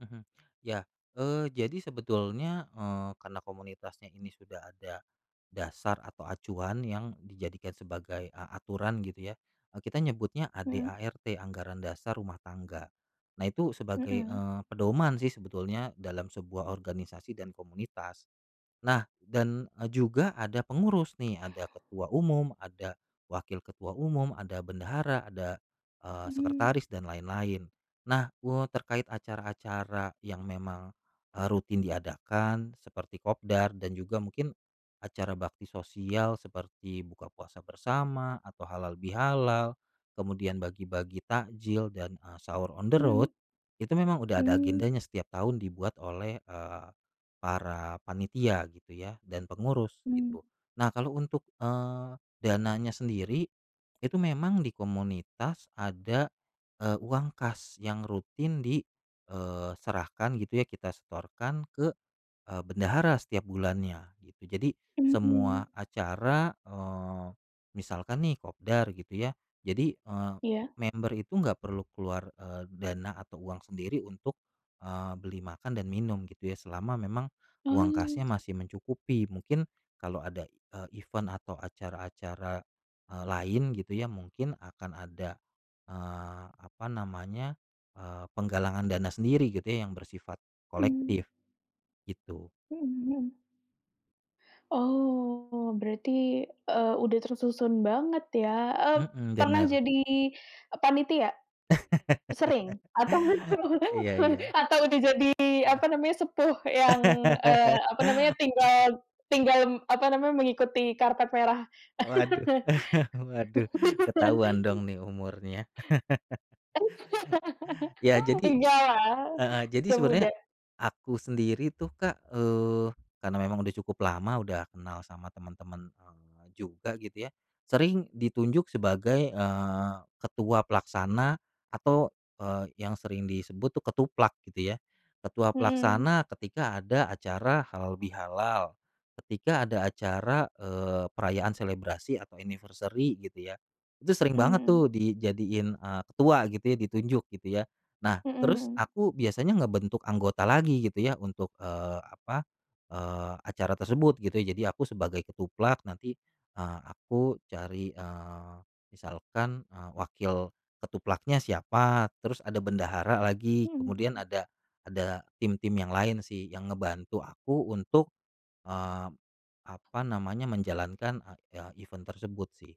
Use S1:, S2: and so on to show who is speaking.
S1: Mhm, ya, eee, jadi sebetulnya, eee, karena komunitasnya ini sudah ada, dasar atau acuan yang dijadikan sebagai a aturan gitu ya, eee, kita nyebutnya
S2: Mhm.
S1: AD/ART anggaran dasar rumah tangga, nah itu sebagai,
S2: Mhm.
S1: eee, pedoman sih sebetulnya dalam sebuah organisasi dan komunitas, nah dan, eee, juga ada pengurus nih ada ketua umum ada, wakil ketua umum, ada bendahara ada, eee,
S2: Mhm.
S1: sekretaris dan lain-lain, nah kuo terkait acara-acara yang memang, eee, rutin diadakan seperti kopdar dan juga mungkin, acara bakti sosial seperti buka puasa bersama atau halal bihalal, kemudian bagi-bagi takjil dan, eee, sahur on the road,
S2: Mhm.
S1: itu memang udah ada
S2: Mmm.
S1: agendanya setiap tahun dibuat oleh, eee, para panitia gitu ya dan pengurus
S2: Mmm.
S1: gitu, nah kalau untuk, eee, dananya sendiri, itu memang di komunitas ada, eee, uang kas yang rutin di eee, ...serahkan gitu ya kita setorkan ke, eee, bendahara setiap bulannya gitu jadi, semua
S2: Mmm.
S1: acara, eee, misalkan nih kopdar gitu ya, jadi, eee,
S2: Iya.
S1: member itu nggak perlu keluar, eee, dana atau uang sendiri untuk, eee, beli makan dan minum gitu ya selama memang, uang
S2: Oh.
S1: kasnya masih mencukupi mungkin kalau ada, eee, event atau acara-acara, eee, lain gitu ya mungkin akan ada, eee, apa namanya eee, penggalangan dana sendiri gitu ya yang bersifat
S2: Mmm.
S1: kolektif, gitu.
S2: Mhm mhm. Oh, berarti, eee, udah tersusun banget ya ep
S1: Mhm,
S2: pernah
S1: benar.
S2: jadi, eee, panitia? Sering? Atau
S1: Iya iya.
S2: [unintelligible] atau udah jadi
S1: Heeh.
S2: apa namanya, sepuh yang eee, apa namanya tinggal tinggal apa namanya, mengikuti karpet merah?
S1: Waduh waduh ketahuan dong nih umurnya. Ya jadi
S2: Enggak lah,
S1: heeh, jadi
S2: masih
S1: sebenarnya,
S2: muda.
S1: aku sendiri tuh Kak, eee, karena memang udah cukup lama udah kenal sama temen-temen, eee, juga gitu ya sering ditunjuk sebagai, eee, ketua pelaksana, atau, eee, yang sering disebut tuh ketuplak gitu ya, ketua
S2: Mhm.
S1: pelaksana ketika ada acara halal bihalal, ketika ada acara, eee, perayaan selebrasi atau anniversary gitu ya, itu sering
S2: Mhm
S1: banget tuh
S2: mhm.
S1: dijadiin, eee, ketua gitu ya ditunjuk gitu ya, nah
S2: Mhm
S1: terus
S2: mhm.
S1: aku biasanya ngebentuk anggota lagi gitu ya untuk, eee, apa eee, acara tersebut gitu ya jadi aku sebagai ketuplak nanti, eee, aku cari, eee, misalkan, eee, wakil ketuplaknya siapa terus ada bendahara lagi
S2: Mhm.
S1: kemudian ada ada tim-tim yang lain sih yang ngebantu aku untuk eee, apa namanya menjalankan a e event tersebut sih.